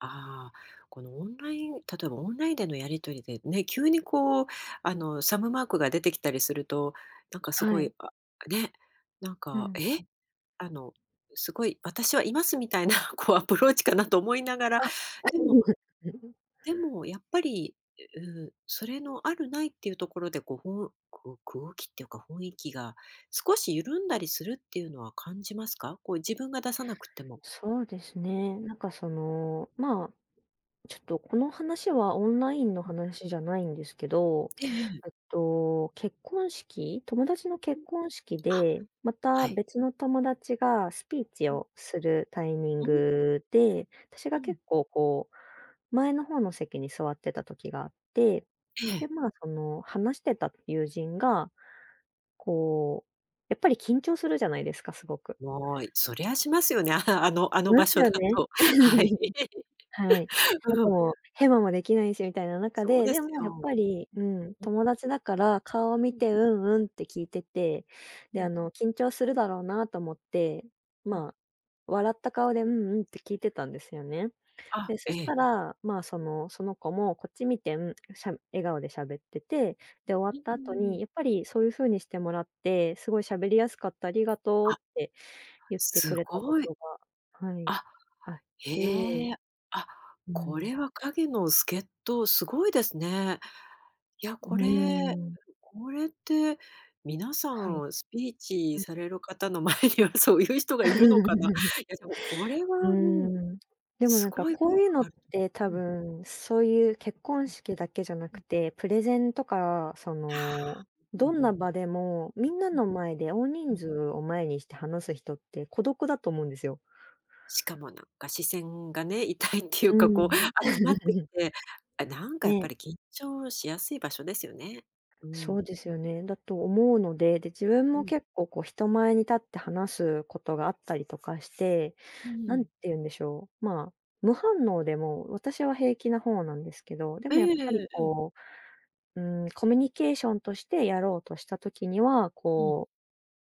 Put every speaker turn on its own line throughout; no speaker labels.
ああ、このオンライン例えばオンラインでのやり取りでね、急にこうあのサムマークが出てきたりすると、なんかす
は
ごい、
い。
あ、ね、なん
う
か、
ん。
え？あの、すごい私はいますみたいなこうアプローチかなと思いながら、
あ、
でも
[unintelligible]
でもやっぱり、ううーん、それのあるないっていうところでこう、空く空気っていうか雰囲気が少し緩んだりするっていうのは感じますか？こう自分が出さなくても。
そうですね。なんかその、ま、ちょっとこの話はオンラインの
うん。
話じゃないんですけど、
ええええ。
えっと。結婚式友達の
うん。
結婚式
あ、
で、ま
は
た
い。
別の友達がスピーチ
うん。
をするタイミン
うん。
グで、私が
うん。
結構こう、前の方の席に座ってた時があって、
ええ。
で、ま、その話してた友人が、こう、やっぱり緊張するじゃないですか、すごく。
もい、そりゃしますよね。あのあ
し
の
ま
場
す
所だ
よね。
と。はい。
はい。あ
うん。
とヘマもできないしみたいな中
そう
で、
で
で
す
もやっぱ
よ。
り、うん、友達だから顔を見
うん。
て「うんうん」って聞いてて、
う
で、あ
ん。
の緊張するだろうなと思って、
うん。
ま、笑った顔で「うんうん」って聞いてたんですよね。
あ、
で、そ
え
した
え。
ら、ま、その、その子もこっち見て、ん、しゃ笑顔でしゃべってて、で、終わっ
う
た後
ん。
に、やっぱりそういう風にしてもらって「すごい喋りやすかった、ありがとう」
あ。
って言ってく
す
れたこ
ごい。
とが、はい、
あ、
あっ
へ
て。
え、あ、
う
こ
ん。
れは影の助人、すごいですね。いや、
うー
これ
ん。
これって皆さ
はい。
んスピーチ
うん。
される方の前にはそういう人がいるのかな？いや、そう、これは、
うー
うん、
ん。でも
す
なんか
ごい
こ
効
うい
果
うの
があ
っ
る
て多
とうん。
分、そういう結婚
うん、
式だけじゃな
う
く
ん。
て、プレゼンとかそ
は
の、
あ、うん
どんな
うん。
場でも、みんな
うん。
の前で大
う
人
ん。
数を前にして話す人って孤独だと思うんですよ。
しかもなんか視線がね、痛いっていう
う
か、こう
ん。
集まってき て、あ、なんかやっ
ね。
ぱり緊張しやすい場所ですよね。う
そう
ん。
ですよね。だと思うので、で、自分
う
も
ん。
結構こう人前に立って話すことがあったりとかして、
う
何
ん。
て言うんでしょう、ま、無反応でも、私は平気な方なんですけど、で
え
もやっぱり
え、うん。
こう、うーん、コミュニケーションとしてやろうとした時には、
うん。
こう、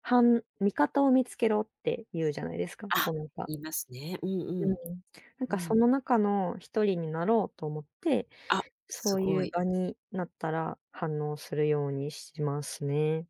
はん「味方を見つけろ」って言うじゃないですか、
あ、
こうなんか。
言いますね。うんう
う
ん。
ん、なん
う
かそ
ん。
の中の1人になろうと思って、
あ、
そ
す
う
ご
いう
い。
場になったら反応するようにしますね。